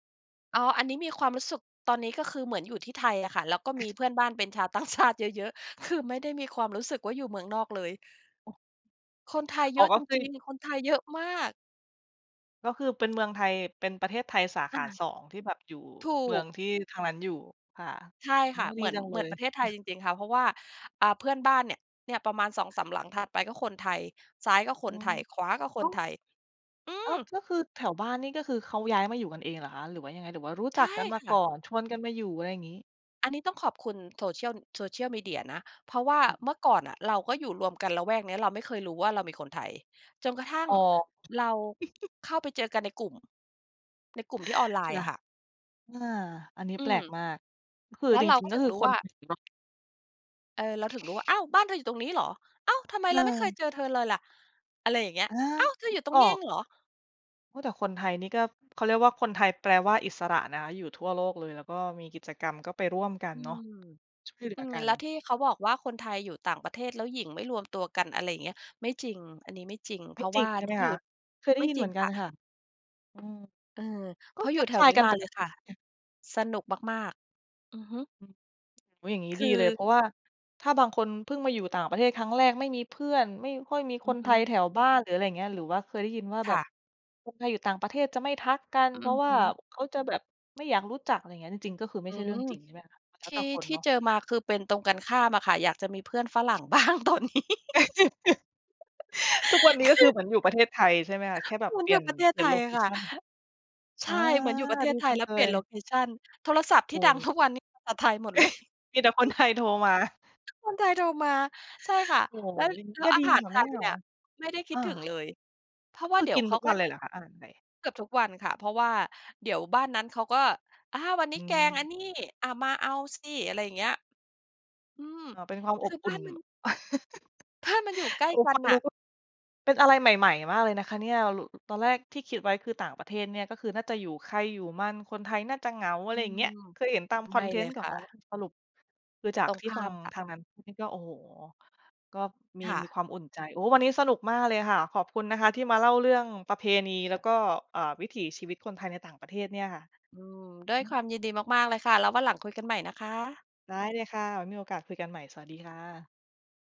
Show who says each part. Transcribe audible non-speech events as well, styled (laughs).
Speaker 1: อ๋อ อันนี้มีความรู้สึก ตอนนี้ก็คือเหมือนอยู่ที่ไทยอะค่ะ แล้วก็มีเพื่อนบ้านเป็นชาว ต่างชาติ เยอะ ๆ คือไม่ได้มีความรู้สึกว่า อยู่เมืองนอกเลย
Speaker 2: โอ้
Speaker 1: คนไทย
Speaker 2: อ
Speaker 1: เ
Speaker 2: ๋
Speaker 1: ย
Speaker 2: อ
Speaker 1: อะ
Speaker 2: ก็
Speaker 1: จ
Speaker 2: คือ
Speaker 1: ริง ๆ คนไทยเยอะมาก
Speaker 2: ก็คือเป็นเมืองไทย เป็นประเทศไทยสาข
Speaker 1: อ
Speaker 2: า
Speaker 1: า
Speaker 2: 2 ที่แบบอยู่
Speaker 1: ถู
Speaker 2: เมือ
Speaker 1: ก
Speaker 2: งที่ทางนั้นอยู่ ค่ะ
Speaker 1: ใช่
Speaker 2: โอ
Speaker 1: ค
Speaker 2: ้
Speaker 1: ่ะ เ
Speaker 2: ดี
Speaker 1: หมือน
Speaker 2: จังเ
Speaker 1: เหม
Speaker 2: ล
Speaker 1: ือน
Speaker 2: ย
Speaker 1: ประเทศไทยจริง ๆ ค่ะ เพราะว่า อ่า เพื่อนบ้านเนี่ย เนี่ยประมาณ 2-3 หลังถัดไป ก็คนไทย ซ้ายก็ค
Speaker 2: อื
Speaker 1: นไท
Speaker 2: ม
Speaker 1: ย ขวาก็
Speaker 2: โ
Speaker 1: ค
Speaker 2: อ้
Speaker 1: นไทย อื
Speaker 2: อ้า
Speaker 1: ม
Speaker 2: ว ก็คือแถวบ้านนี่ ก็คือเขาย้ายมาอยู่กันเองเหรอคะ? หรือว่ายังไง? หรือว่ารู้
Speaker 1: ใ
Speaker 2: จ
Speaker 1: ช
Speaker 2: ั
Speaker 1: ่
Speaker 2: กกันมา
Speaker 1: ค่
Speaker 2: ก
Speaker 1: ะ
Speaker 2: ่อนชวนกันมาอยู่ อะไรอย่างงี้?
Speaker 1: อันนี้ต้องขอบคุณ Social Social media นะ เพราะว่าเมื่
Speaker 2: (unintelligible)
Speaker 1: อก่อนน่ะ เราก็อยู่รวมกันละแวกนี้ เราไม่เคยรู้ว่า เรามีคนไทย จนกระทั่ง
Speaker 2: อ๋อ
Speaker 1: เรา
Speaker 2: (chuckles)
Speaker 1: เข้าไปเจอกันในกลุ่ม ในกลุ่มที่ออนไล
Speaker 2: ค
Speaker 1: น์
Speaker 2: ่
Speaker 1: อ
Speaker 2: ะ
Speaker 1: ะค่ะ
Speaker 2: อา อันนี้
Speaker 1: อื
Speaker 2: แปล
Speaker 1: ม
Speaker 2: กมาก คือ
Speaker 1: แล้ว
Speaker 2: จ
Speaker 1: เรา
Speaker 2: ริง
Speaker 1: ก็
Speaker 2: ๆ ก็
Speaker 1: ถึ
Speaker 2: ค
Speaker 1: ง
Speaker 2: ือ
Speaker 1: รู้
Speaker 2: คน
Speaker 1: ว่า
Speaker 2: (unintelligible)
Speaker 1: เออ เราถึงรู้ว่า "อ้าว บ้านเธออยู่ตรงนี้เหรอ อ้าว ทำไม
Speaker 2: เ
Speaker 1: เราไม่เคย
Speaker 2: ออ
Speaker 1: เจอเธอเลยล่ะ?" อะไรอย่างเงี้ย
Speaker 2: อา
Speaker 1: "อ้าวเธอ
Speaker 2: นึ
Speaker 1: อยู่
Speaker 2: ก
Speaker 1: ตร
Speaker 2: อ
Speaker 1: งนี้
Speaker 2: อ
Speaker 1: เอ
Speaker 2: ก
Speaker 1: งเหรอ?"
Speaker 2: โอ้ แต่คนไทยนี่ก็ เขาเรียกว่า คนไทยแปลว่าอิสระนะคะ อยู่ทั่วโลกเลย แล้วก็มีกิจกรรม ก็ไปร่วมกั
Speaker 1: อ
Speaker 2: น
Speaker 1: ื
Speaker 2: เนาะ
Speaker 1: ม
Speaker 2: ช่วยเหลื
Speaker 1: อื
Speaker 2: อ
Speaker 1: ม
Speaker 2: กัน
Speaker 1: แล้วที่เขาบอกว่า คนไทยอยู่ต่างประเทศแล้วหยิ่งไม่รวมตัวกัน อะไรอย่างเงี้ย ไม่จริง อันนี้ไม่จริง เ
Speaker 2: ไ
Speaker 1: พ
Speaker 2: ม่
Speaker 1: ราะ
Speaker 2: จร
Speaker 1: ว
Speaker 2: ิ
Speaker 1: ่
Speaker 2: ง
Speaker 1: า
Speaker 2: ใช่
Speaker 1: ท
Speaker 2: ไหม
Speaker 1: ี่
Speaker 2: ค
Speaker 1: อยู่
Speaker 2: ะ? เคยได
Speaker 1: ไ
Speaker 2: ้
Speaker 1: ม่
Speaker 2: ยิน
Speaker 1: จ
Speaker 2: เ
Speaker 1: ร
Speaker 2: ห
Speaker 1: ิ
Speaker 2: มื
Speaker 1: ง
Speaker 2: อนกั
Speaker 1: ค
Speaker 2: น
Speaker 1: ่ะ
Speaker 2: ค่ะ อืม
Speaker 1: เออ
Speaker 2: ก
Speaker 1: เพ
Speaker 2: ็
Speaker 1: ราะอ
Speaker 2: ท
Speaker 1: ยู่
Speaker 2: ัก
Speaker 1: แถ
Speaker 2: ท
Speaker 1: ว
Speaker 2: าย
Speaker 1: นี้
Speaker 2: กัน
Speaker 1: มา
Speaker 2: ป
Speaker 1: เล
Speaker 2: ก
Speaker 1: ย
Speaker 2: ต
Speaker 1: ค
Speaker 2: ิ
Speaker 1: ่ะ สนุกมาก ๆ อือฮึ
Speaker 2: อืม อุ๊ย อย่างงี้
Speaker 1: คื
Speaker 2: ดีเลย
Speaker 1: อ
Speaker 2: เพราะว่าถ้าบางคนเพิ่งมาอยู่ต่างประเทศครั้งแรก ไม่มีเพื่อน ไม่ค่อยมี
Speaker 1: อ
Speaker 2: ค
Speaker 1: ือ
Speaker 2: น
Speaker 1: ฮ
Speaker 2: ไทย
Speaker 1: ึ
Speaker 2: แถวบ้าน หรืออะไรอย่างเงี้ย หรือว่าเคยได้ยินว่าแ
Speaker 1: ค
Speaker 2: บ
Speaker 1: ่
Speaker 2: บ
Speaker 1: ะ
Speaker 2: คนไทยอยู่ต่างประเทศจะไม่ทักกัน
Speaker 1: อื
Speaker 2: เพรา
Speaker 1: อ
Speaker 2: ะว
Speaker 1: ฮ
Speaker 2: ่า
Speaker 1: ึ
Speaker 2: เขาจะแบบไม่อยากรู้จัก อะไรเงี้ย จริง ๆ ก็คือไม
Speaker 1: อ
Speaker 2: ่
Speaker 1: ื
Speaker 2: ใช่เรื่อ
Speaker 1: ม
Speaker 2: งจริง ใช่ไหมคะ? แล
Speaker 1: ท
Speaker 2: ้ว
Speaker 1: ี
Speaker 2: แ
Speaker 1: ่
Speaker 2: ต่คน
Speaker 1: ที่
Speaker 2: เนาะ
Speaker 1: เจอมา คือเป็นตรงกันข้ามอะค่ะ อยากจะมีเพื่อนฝรั่ง บ้างตอนนี้ (laughs)
Speaker 2: (laughs) ทุกวันนี้ ก็
Speaker 1: ค
Speaker 2: ค
Speaker 1: ื
Speaker 2: ือ
Speaker 1: อ
Speaker 2: เหมือนอยู่ประเทศไทยใช่ไหมคะ? แค่แบ
Speaker 1: เ
Speaker 2: บ
Speaker 1: หมื
Speaker 2: เ
Speaker 1: อ
Speaker 2: ป
Speaker 1: น
Speaker 2: ล
Speaker 1: อย
Speaker 2: ี่
Speaker 1: ู
Speaker 2: ย
Speaker 1: ่
Speaker 2: น
Speaker 1: ประเทศ
Speaker 2: เปลี่
Speaker 1: ไ
Speaker 2: ย
Speaker 1: ท
Speaker 2: นโล
Speaker 1: ย
Speaker 2: เ
Speaker 1: อ
Speaker 2: ค
Speaker 1: ะค่
Speaker 2: ช
Speaker 1: ะ
Speaker 2: ัน
Speaker 1: ใช
Speaker 2: อา
Speaker 1: ่ เหมือนอยู่ประเท
Speaker 2: ดี
Speaker 1: ศไท
Speaker 2: จั
Speaker 1: ย
Speaker 2: ง
Speaker 1: แล้
Speaker 2: เ
Speaker 1: ว
Speaker 2: ล
Speaker 1: เปลี่
Speaker 2: ย
Speaker 1: ยนโลเคชัน โทรศัพท์ท
Speaker 2: โอ
Speaker 1: ี่
Speaker 2: ้
Speaker 1: ดั
Speaker 2: โ
Speaker 1: ง
Speaker 2: ฮ
Speaker 1: ทุกวันนี่ อ่า ไทยหมด เลย
Speaker 2: (laughs) มีแต่คน
Speaker 1: (laughs)
Speaker 2: ไทยโทรมา
Speaker 1: คนไทยโทรมา ใช่ค่ะ
Speaker 2: โอ้
Speaker 1: แล้ว
Speaker 2: อย่างงี้
Speaker 1: แล้
Speaker 2: ก
Speaker 1: ว
Speaker 2: ็
Speaker 1: อ
Speaker 2: ดี
Speaker 1: าหาร
Speaker 2: ค่ะ
Speaker 1: ไท
Speaker 2: ไม่
Speaker 1: ย
Speaker 2: เหง
Speaker 1: เ
Speaker 2: า
Speaker 1: นี่ย ไม่ได้ค
Speaker 2: อ
Speaker 1: ิด
Speaker 2: า
Speaker 1: ถึงเลย เพร
Speaker 2: ก
Speaker 1: า
Speaker 2: ็
Speaker 1: ะว
Speaker 2: ค
Speaker 1: ่า
Speaker 2: ือ
Speaker 1: เดี๋
Speaker 2: ก
Speaker 1: ย
Speaker 2: ิ
Speaker 1: ว
Speaker 2: น
Speaker 1: เข
Speaker 2: ทุ
Speaker 1: า
Speaker 2: ก
Speaker 1: ก
Speaker 2: ว
Speaker 1: ็
Speaker 2: ันเลยเหรอคะอาหารไทย?
Speaker 1: เกือบทุกวันค่ะ เพราะว่าเดี๋ยวบ้านนั้นเขาก็ "อา วัน
Speaker 2: อ
Speaker 1: นี
Speaker 2: ื
Speaker 1: ้แกง
Speaker 2: ม
Speaker 1: อันนี้ อา มาเอาสิ" อะไรอย่างเงี้ย อืม
Speaker 2: อ๋อ เป็นความอ
Speaker 1: ค
Speaker 2: บ
Speaker 1: ือ
Speaker 2: อ
Speaker 1: บ
Speaker 2: ุ่
Speaker 1: ้า
Speaker 2: น
Speaker 1: นมัน บ้าน มันอยู่ใก
Speaker 2: (laughs)
Speaker 1: ล
Speaker 2: โอ
Speaker 1: ้
Speaker 2: ้
Speaker 1: กั
Speaker 2: ฟ
Speaker 1: น
Speaker 2: ัง
Speaker 1: น
Speaker 2: ดู
Speaker 1: ่ะ
Speaker 2: ก็ เป็นอะไรใหม่ ๆ มากเลยนะคะเนี่ย ร ตอนแรกที่คิดไว้ คือต่างประเทศเนี่ย ก็คือน่าจะอยู่ใครอยู่มัน คนไทยน่าจะเหงา อะ
Speaker 1: อ
Speaker 2: ไ
Speaker 1: ื
Speaker 2: รอย่างเงี้ย
Speaker 1: ม
Speaker 2: เคยเห็นตามค
Speaker 1: ไม
Speaker 2: อ
Speaker 1: ่
Speaker 2: นเท
Speaker 1: เล
Speaker 2: นต
Speaker 1: ย
Speaker 2: ์ก็
Speaker 1: ค่
Speaker 2: อ๋อ
Speaker 1: ะ
Speaker 2: สรุป คือจา
Speaker 1: ต
Speaker 2: ก
Speaker 1: รง
Speaker 2: ที่
Speaker 1: ข้
Speaker 2: ฟ
Speaker 1: า
Speaker 2: ัง
Speaker 1: มค่ะ
Speaker 2: ทางนั้นนี่ก็ โอ้โฮ ก็มี
Speaker 1: ค่
Speaker 2: มี
Speaker 1: ะ
Speaker 2: ความอุ่นใจ โอ้ วันนี้สนุกมากเลยค่ะ ขอบคุณนะคะที่มาเล่าเรื่องประเพณี แล้วก็ เอ่อ วิถีชีวิตคนไทยในต่างประเทศเนี่ยค่ะ
Speaker 1: อืม ด้ว
Speaker 2: อ
Speaker 1: ย
Speaker 2: ื
Speaker 1: คว
Speaker 2: ม
Speaker 1: ามยินดีมาก ๆ เลยค่ะ แล้ววันหลังคุยกันใหม่นะคะ
Speaker 2: ได้เลยค่ะ ไว้มีโอกาสคุยกันใหม่สวัสดีค่ะ